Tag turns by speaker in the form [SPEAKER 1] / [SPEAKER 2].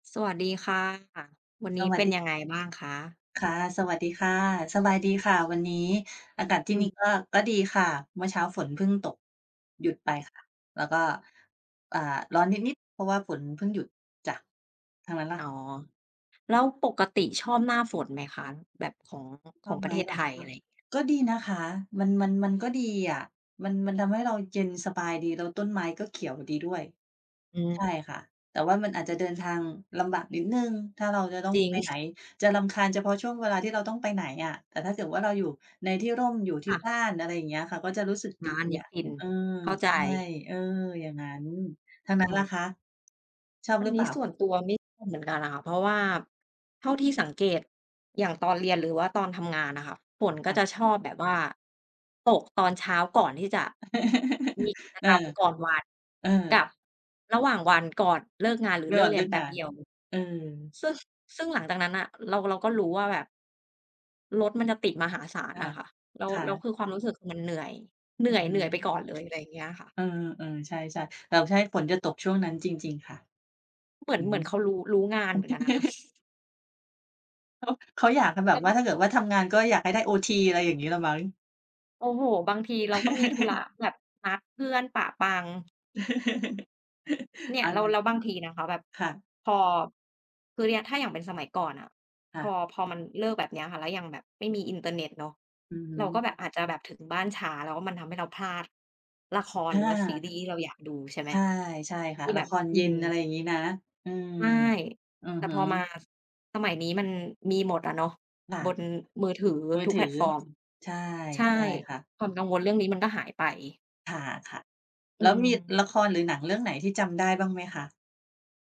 [SPEAKER 1] สวัสดีค่ะ วันน
[SPEAKER 2] ส
[SPEAKER 1] ี้
[SPEAKER 2] ว
[SPEAKER 1] เ
[SPEAKER 2] ั
[SPEAKER 1] ป
[SPEAKER 2] ส
[SPEAKER 1] ็น
[SPEAKER 2] ดี
[SPEAKER 1] ยังไงบ้างคะ?
[SPEAKER 2] ค่ะ สวัสดีค่ะ สบายดีค่ะ วันนี้อากาศที
[SPEAKER 1] อ
[SPEAKER 2] ่น
[SPEAKER 1] ื
[SPEAKER 2] ี่
[SPEAKER 1] ม
[SPEAKER 2] ก็ ก็ดีค่ะ เมื่อเช้าฝนเพิ่งตก หยุดไปค่ะ แล้วก็ อ่า ร้อนนิด ๆ เพราะว่าฝนเพิ่งหยุด จ้ะ ทางนั้นล่
[SPEAKER 1] อ
[SPEAKER 2] ะ?
[SPEAKER 1] ๋อ แล้วปกติชอบหน้าฝนไหมคะ? แบบของ
[SPEAKER 2] ช
[SPEAKER 1] ขอ
[SPEAKER 2] อ
[SPEAKER 1] ง
[SPEAKER 2] บ
[SPEAKER 1] ป
[SPEAKER 2] ไ
[SPEAKER 1] ร
[SPEAKER 2] ห
[SPEAKER 1] ะ
[SPEAKER 2] ม
[SPEAKER 1] เทศ
[SPEAKER 2] เหร
[SPEAKER 1] ไ
[SPEAKER 2] อ
[SPEAKER 1] ทย
[SPEAKER 2] ค
[SPEAKER 1] อะ
[SPEAKER 2] ะ
[SPEAKER 1] ไร อย่างเงี้ย
[SPEAKER 2] ก็ดีนะคะ มัน มัน มันก็ดีอะ มัน มันทำให้เราเย็นสบายดี แล้วต้นไม้ก็เขียวดีด้วย
[SPEAKER 1] อ
[SPEAKER 2] ใช
[SPEAKER 1] ือ
[SPEAKER 2] ่ค่ะ แต่ว่ามันอาจจะเดินทางลำบากนิดหนึ่ง ถ้าเราจะต้อ
[SPEAKER 1] จ
[SPEAKER 2] ง
[SPEAKER 1] ริ
[SPEAKER 2] ไปไหน
[SPEAKER 1] ง
[SPEAKER 2] จะรำคาญเฉพาะช่วงเวลาที่เราต้องไปไหนอะ แต่ถ้าเกิดว่าเราอยู่ในที่ร่ม อยู่ท
[SPEAKER 1] ค
[SPEAKER 2] ี่
[SPEAKER 1] ่ะ
[SPEAKER 2] บ้าน อะไรอย่างเงี้ยค่ะ ก็จะรู้สึก
[SPEAKER 1] ร
[SPEAKER 2] ดี
[SPEAKER 1] ้านนี้
[SPEAKER 2] อะ
[SPEAKER 1] ฟิน
[SPEAKER 2] เออ
[SPEAKER 1] เข้าใ
[SPEAKER 2] ใ
[SPEAKER 1] จ
[SPEAKER 2] ช่ เออ อย่างงั้น ทางนั้
[SPEAKER 1] อื
[SPEAKER 2] น ล่ะ
[SPEAKER 1] อ
[SPEAKER 2] คะ ชอบ
[SPEAKER 1] อั
[SPEAKER 2] ห
[SPEAKER 1] น
[SPEAKER 2] รือเ
[SPEAKER 1] นี
[SPEAKER 2] ป
[SPEAKER 1] ้
[SPEAKER 2] ล่
[SPEAKER 1] ส่
[SPEAKER 2] า?
[SPEAKER 1] วนตัวไม่ชอบเหมือนกันน่ะค่ะ เพราะว่าเท่าที่สังเกต อย่างตอนเรียน หรือว่าตอนทำงานน่ะค่ะ ฝนก
[SPEAKER 2] ค
[SPEAKER 1] ็
[SPEAKER 2] ่
[SPEAKER 1] จ
[SPEAKER 2] ะ
[SPEAKER 1] ะชอบแบบว่าตกตอนเช้าก่อนที่จะ มีกิจ
[SPEAKER 2] เอ
[SPEAKER 1] ก
[SPEAKER 2] อ
[SPEAKER 1] รรมก่อนวัน
[SPEAKER 2] เออ
[SPEAKER 1] กับระหว่างวันก่อนเลิกงาน หรือ
[SPEAKER 2] ร
[SPEAKER 1] เ
[SPEAKER 2] ะ
[SPEAKER 1] ล
[SPEAKER 2] ห
[SPEAKER 1] ิ
[SPEAKER 2] ว
[SPEAKER 1] ก
[SPEAKER 2] ่าง
[SPEAKER 1] เร
[SPEAKER 2] เ
[SPEAKER 1] ี
[SPEAKER 2] ลิ
[SPEAKER 1] ยน
[SPEAKER 2] ก
[SPEAKER 1] แป
[SPEAKER 2] ง
[SPEAKER 1] ๊
[SPEAKER 2] า
[SPEAKER 1] บ
[SPEAKER 2] น
[SPEAKER 1] เดียว
[SPEAKER 2] เออ
[SPEAKER 1] ซึ่ง ซึ่งหลังจากนั้นน่ะ เรา เราก็รู้ว่าแบบ รถมันจะติดมหาศาล
[SPEAKER 2] ค
[SPEAKER 1] น่ะค่ะ แล้ว
[SPEAKER 2] ่ะ
[SPEAKER 1] แล้ว
[SPEAKER 2] ๆ
[SPEAKER 1] คือความรู้สึกมันเหนื่อย เหน
[SPEAKER 2] อื
[SPEAKER 1] ื่อ
[SPEAKER 2] อ
[SPEAKER 1] ย
[SPEAKER 2] ฮ
[SPEAKER 1] เห
[SPEAKER 2] ึ
[SPEAKER 1] นื่อยไปก่อนเลย อะไรอย่างเงี้ยค่ะ
[SPEAKER 2] เออ ๆ ใช่ ๆ เออ ใช่ ฝนจะตกช่วงนั้น จริง ๆ ค่ะ
[SPEAKER 1] เหมือ
[SPEAKER 2] อื
[SPEAKER 1] น
[SPEAKER 2] อ
[SPEAKER 1] เหม
[SPEAKER 2] ฮ
[SPEAKER 1] ือ
[SPEAKER 2] ึ
[SPEAKER 1] นเขารู้ รู้งานเหมือนกันนะคะ
[SPEAKER 2] เขา เขาอยากกันแบ
[SPEAKER 1] แล
[SPEAKER 2] บ
[SPEAKER 1] ้ว
[SPEAKER 2] ว
[SPEAKER 1] ก
[SPEAKER 2] ่
[SPEAKER 1] ็
[SPEAKER 2] า ถ้าเกิดว่าทำงานก็อยากให้ได้โอที อะไรอย่างงี้แหละมั้ง
[SPEAKER 1] โอ้โฮ บางทีเราก็มีธุระแบบนัดเพื่อนปะปัง เนี
[SPEAKER 2] เ
[SPEAKER 1] ่
[SPEAKER 2] อ
[SPEAKER 1] ย
[SPEAKER 2] า
[SPEAKER 1] แล้
[SPEAKER 2] น
[SPEAKER 1] ว
[SPEAKER 2] ่า
[SPEAKER 1] แล้วบางทีนะคะ แบบ
[SPEAKER 2] ค่ะ
[SPEAKER 1] พอ คือเนี่ยถ้าอย่างเป็นสมัยก่อนน่ะ
[SPEAKER 2] ค่
[SPEAKER 1] พอ
[SPEAKER 2] ะ
[SPEAKER 1] พอมันเลิก แบบเนี้ยค่ะ แล้วยังแบบไม่มีอินเทอร์เน็ตเนาะ
[SPEAKER 2] อือฮ
[SPEAKER 1] เ
[SPEAKER 2] ึ
[SPEAKER 1] ราก็แบบอาจจะแบบถึงบ้านช้า แล้วก็มันทำให้เราพลาดละคร
[SPEAKER 2] อ
[SPEAKER 1] หรือว่าซี
[SPEAKER 2] า
[SPEAKER 1] รีส์ที่เราอยากดู ใช่ไห
[SPEAKER 2] ใ
[SPEAKER 1] ม
[SPEAKER 2] ช่ ใช่ค่
[SPEAKER 1] ท
[SPEAKER 2] ะ
[SPEAKER 1] ี่
[SPEAKER 2] ล
[SPEAKER 1] แ
[SPEAKER 2] ะ
[SPEAKER 1] บบ
[SPEAKER 2] คร
[SPEAKER 1] อื
[SPEAKER 2] เย็น
[SPEAKER 1] ม
[SPEAKER 2] อะไรอย่างงี้นะ เออ
[SPEAKER 1] ใช่
[SPEAKER 2] อะ
[SPEAKER 1] แต่
[SPEAKER 2] ฮ
[SPEAKER 1] พอมา
[SPEAKER 2] ะ
[SPEAKER 1] ส สมัยนี้มันมีหมดอะเนาะ
[SPEAKER 2] ค่ะ
[SPEAKER 1] บนมือถือ
[SPEAKER 2] มือ
[SPEAKER 1] ทุก
[SPEAKER 2] ถ
[SPEAKER 1] แ
[SPEAKER 2] ื
[SPEAKER 1] พลต
[SPEAKER 2] อ
[SPEAKER 1] ฟอร์ม
[SPEAKER 2] ใช่
[SPEAKER 1] ใช่
[SPEAKER 2] ใช่ค่ะ
[SPEAKER 1] ความกังวลเรื่องนี้มันก็หายไป
[SPEAKER 2] ค่ะ
[SPEAKER 1] อ
[SPEAKER 2] ๆ
[SPEAKER 1] ื
[SPEAKER 2] แล้วมีละค
[SPEAKER 1] ม
[SPEAKER 2] รหรือหนังเรื่องไหนที่จำ ได้บ้างไหมคะ?